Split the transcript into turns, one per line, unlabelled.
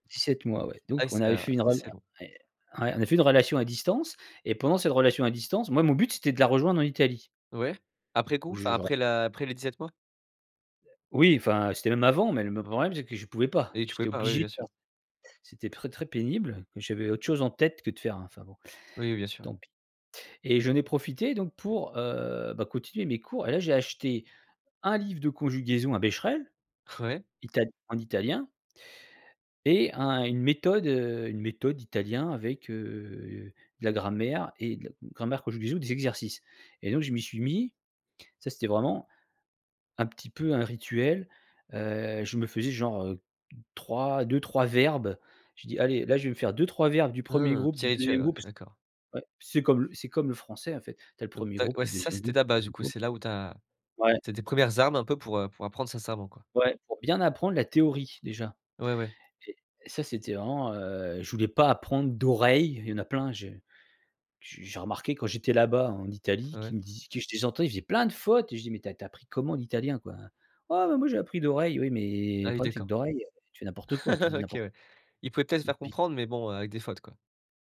17 mois, ouais.
Ouais,
Donc, on
c'est,
avait
heu,
fait une [unintelligible] ouais,
assez long.
on a fait une relation à distance et pendant cette relation à distance, moi, mon but, c'était de la rejoindre en Italie.
Ouais, après coup,
0ù
enfin,
je j'en
après la après les 17 mois?
Oui, enfin, c'était même avant, mais, le me problème, c'est que je pouvais pas,
Et tu pouvais
j'étais
pas oui,
obligé de
bien sûr.
faire. C'était très, très pénible. Et, j'avais autre chose en tête que de faire un enfin bon,
Oui, bien sûr, oui.
tant pis. Et j'en ai profité, donc, pour, heu, bah, continuer mes cours. Et là, j'ai acheté un livre de conjugaison un Bescherelle,
Ouais.
Ital en italien. Et un une méthode, heu, une méthode d'italien avec, heu, de la grammaire et de la grammaire conjugaison, des exercices. Et donc, je m'y suis mis, ça, c'était vraiment un petit peu un rituel. Heu, je me faisais, genre, heu 3 2-3 verbes. Je dis: «Allez là, je vais me faire 2-3 verbes du 1er
Mmh,
groupe,
petit
du 2e
rituel, ouais,
groupe».
d'accord.
Ouais. C'est comme le c'est comme le français, en fait, tu as le
Donc,
1er
tu as
groupe,
ouais,
le
ça,
2e
c'était
groupe, le
ta base du
3e
coup?
groupe.
C'est là où tu as
Ouais.
c'est tes 1res armes un peu pour, heu, pour apprendre sincèrement quoi.
Ouais, pour bien apprendre la théorie, déjà.
Ouais, ouais.
Et et ça, c'était vraiment, heu, je voulais pas apprendre d'oreille. Il y en a plein je j j'ai remarqué quand j'étais là-bas, en Italie,
Ah
qui
ouais?
me dis que je les entends, ils faisaient plein de fautes! Je dis: «Mais tu as tu as appris comment l'italien quoi?» «Ouais, bah moi, j'ai appris d'oreille». Oui, mais,
Ah
le
oui,
problème, c'est que
d'accord.
d'oreille, heu, tu fais n'importe quoi, tu dis
OK,
n'importe
ouais, il pouvait peut-être se
Et
faire
puis
comprendre, mais bon, heu, avec des fautes, quoi.